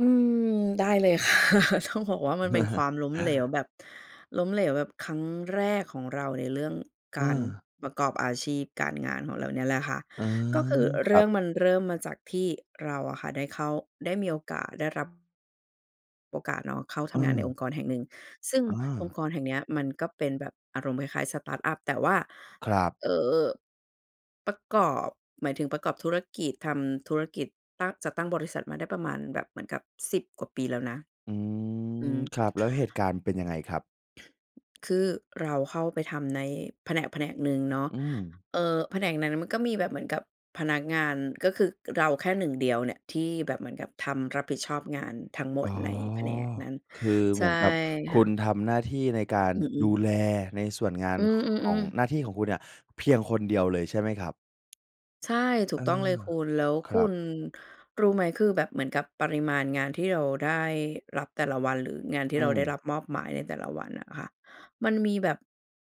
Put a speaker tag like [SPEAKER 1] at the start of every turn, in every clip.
[SPEAKER 1] อืม ได้เลย ค่ะ ต้องบอกว่ามันเป็นความล้มเหลวแบบ ล้มเหลวแบบครั้งแรกของเราในเรื่อง
[SPEAKER 2] อ
[SPEAKER 1] ก
[SPEAKER 2] ่
[SPEAKER 1] าร
[SPEAKER 2] า
[SPEAKER 1] ประกอบอาชีพการงานของเรานี่แหละค่ะ
[SPEAKER 2] อา
[SPEAKER 1] ก็คือเ
[SPEAKER 2] ค
[SPEAKER 1] ร
[SPEAKER 2] ร
[SPEAKER 1] ื
[SPEAKER 2] ั
[SPEAKER 1] ่อง
[SPEAKER 2] บ
[SPEAKER 1] มันเริ่มมาจากที่เราอะค่ะได้เข้า ได้มีโอกาสได้รับ โอกาสเนาะเข้าท
[SPEAKER 2] อ
[SPEAKER 1] ำงานใน
[SPEAKER 2] า
[SPEAKER 1] องค์กรแห่งหนึ่ง ซึ่ง
[SPEAKER 2] อ
[SPEAKER 1] องค
[SPEAKER 2] า
[SPEAKER 1] ์กรแห่งเนี้ยมันก็เป็นแบบอารมณ์คล้าย ๆ สตาร์ตอัป แต่ว่า
[SPEAKER 2] ครับ
[SPEAKER 1] เอ่อ ประกอบ หมายถึงประกอบธุรกิจ ทำธุรกิจ ตั้ง จัดตั้งบริษัทมาได้ประมาณแบบเหมือนกับ 10 กว่าปีแล้วนะ
[SPEAKER 2] อื
[SPEAKER 1] อื
[SPEAKER 2] ม
[SPEAKER 1] ม
[SPEAKER 2] ครับ แล้วเหตุการณ์เป็นยังไงครับ?
[SPEAKER 1] คือเราเข้าไปทำในแผนกแผนกหนึ่งเนาะ
[SPEAKER 2] อืม
[SPEAKER 1] เอ่อ แผนกนั้นมันก็มีแบบเหมือนกับพนักงาน ก็คือเราแค่หนึ่งเดียวเนี่ยที่แบบเหมือนกับทำรับผิดชอบงานทั้งหม
[SPEAKER 2] อ๋
[SPEAKER 1] ด
[SPEAKER 2] อ
[SPEAKER 1] ในแผนกนั้น
[SPEAKER 2] คือ
[SPEAKER 1] ใ
[SPEAKER 2] เ
[SPEAKER 1] ช
[SPEAKER 2] หม
[SPEAKER 1] ่
[SPEAKER 2] ือนกับค
[SPEAKER 1] ค
[SPEAKER 2] ุ
[SPEAKER 1] ่
[SPEAKER 2] ณ
[SPEAKER 1] ะ
[SPEAKER 2] ทำหน้าที่ในการ
[SPEAKER 1] อื
[SPEAKER 2] ดู
[SPEAKER 1] ม ๆ
[SPEAKER 2] แลในส่วนงาน
[SPEAKER 1] อื
[SPEAKER 2] ของ
[SPEAKER 1] ม ๆ ๆ
[SPEAKER 2] หน้าที่ของคุณเนี่ยเพียงคนเดียวเลยใช่ไหมครับ?
[SPEAKER 1] ใช่ ถู
[SPEAKER 2] เอ
[SPEAKER 1] กต้องเลย
[SPEAKER 2] อ
[SPEAKER 1] คุณ แล้ว
[SPEAKER 2] ค
[SPEAKER 1] ค
[SPEAKER 2] ร
[SPEAKER 1] ุ
[SPEAKER 2] ับ
[SPEAKER 1] ณรู้ไหม คือแบบเหมือนกับปริมาณงานที่เราได้รับแต่ละวัน หรืองานที
[SPEAKER 2] อ
[SPEAKER 1] ่
[SPEAKER 2] ื
[SPEAKER 1] เราได้
[SPEAKER 2] ม
[SPEAKER 1] รับมอบหมายในแต่ละวันน่ะค่ะ มันมีแบบ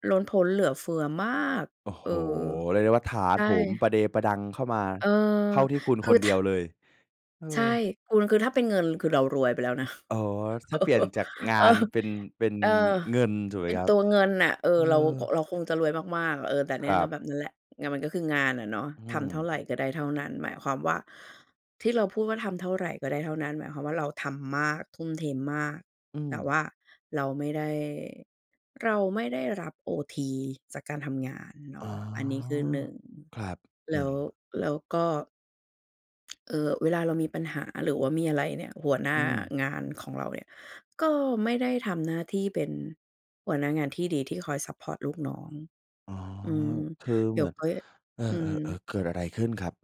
[SPEAKER 1] ล้นพ้นเหลือเฟือมาก
[SPEAKER 2] โอ้
[SPEAKER 1] เ
[SPEAKER 2] โ
[SPEAKER 1] อ
[SPEAKER 2] ฮ
[SPEAKER 1] อ
[SPEAKER 2] เรียกได้ว่าถา
[SPEAKER 1] ใช
[SPEAKER 2] โ
[SPEAKER 1] ่
[SPEAKER 2] ถมประเดประดังเข้ามา
[SPEAKER 1] เออ
[SPEAKER 2] เข้าที่คุณ
[SPEAKER 1] ค
[SPEAKER 2] ค
[SPEAKER 1] ือ
[SPEAKER 2] นเด
[SPEAKER 1] ถ
[SPEAKER 2] ียวเลย เอ
[SPEAKER 1] ใช่
[SPEAKER 2] อ
[SPEAKER 1] คุณ คือถ้าเป็นเงินคือเรารวยไปแล้วนะ
[SPEAKER 2] อ๋อ ถ้าเปลี่ยนจากงา
[SPEAKER 1] เออ เออ
[SPEAKER 2] นเป็น เป็น
[SPEAKER 1] เออ
[SPEAKER 2] เงินถูกไห
[SPEAKER 1] เ
[SPEAKER 2] ม
[SPEAKER 1] ป็น
[SPEAKER 2] ครั
[SPEAKER 1] ต
[SPEAKER 2] บ?
[SPEAKER 1] ัวเงินน่ะ เออ
[SPEAKER 2] เอ
[SPEAKER 1] เรา
[SPEAKER 2] อ
[SPEAKER 1] เราคงจะรวยมาก ๆ อะ เออ แต่เนี
[SPEAKER 2] ค
[SPEAKER 1] ่
[SPEAKER 2] ร
[SPEAKER 1] ย
[SPEAKER 2] ั
[SPEAKER 1] ก็
[SPEAKER 2] บ
[SPEAKER 1] แบบนั้นแหละ ไงมันก็คืองานอะเนาะ
[SPEAKER 2] อื
[SPEAKER 1] ทำเท่าไร
[SPEAKER 2] ม
[SPEAKER 1] ก็ได้เท่านั้น หมายความว่าที่เราพูดว่า "ทำเท่าไรก็ได้เท่านั้น" หมายความว่าเราทำมาก ทุ่มเทมมาก
[SPEAKER 2] อื
[SPEAKER 1] แต่
[SPEAKER 2] ม
[SPEAKER 1] ว่าเราไม่ได้ เราไม่ได้รับโอทีจากการทำงานเน
[SPEAKER 2] อ
[SPEAKER 1] า
[SPEAKER 2] ๋อ
[SPEAKER 1] ะ อันนี้คือ 1
[SPEAKER 2] ครับ
[SPEAKER 1] แ
[SPEAKER 2] ห
[SPEAKER 1] ล
[SPEAKER 2] นึ
[SPEAKER 1] ้
[SPEAKER 2] ่ง
[SPEAKER 1] ว แล้วก็ เอ่อ เวลาเรามีปัญหาหรือว่ามีอะไรเนี่ย หัวหน
[SPEAKER 2] อ
[SPEAKER 1] ้
[SPEAKER 2] ื
[SPEAKER 1] า
[SPEAKER 2] ม
[SPEAKER 1] งานของเราเนี่ยก็ไม่ได้ทำหน้าที่เป็นหัวหน้างานที่ดี ที่คอยซัปพอร์ตลูกน้อง
[SPEAKER 2] อ๋อ
[SPEAKER 1] อืม
[SPEAKER 2] คือ
[SPEAKER 1] เด
[SPEAKER 2] เ
[SPEAKER 1] ี
[SPEAKER 2] ห
[SPEAKER 1] ๋
[SPEAKER 2] ม
[SPEAKER 1] ย
[SPEAKER 2] ื
[SPEAKER 1] ว
[SPEAKER 2] อน
[SPEAKER 1] ค่อย
[SPEAKER 2] เออ
[SPEAKER 1] อืม
[SPEAKER 2] ๆ ๆ เกิดอะไรขึ้นครับ?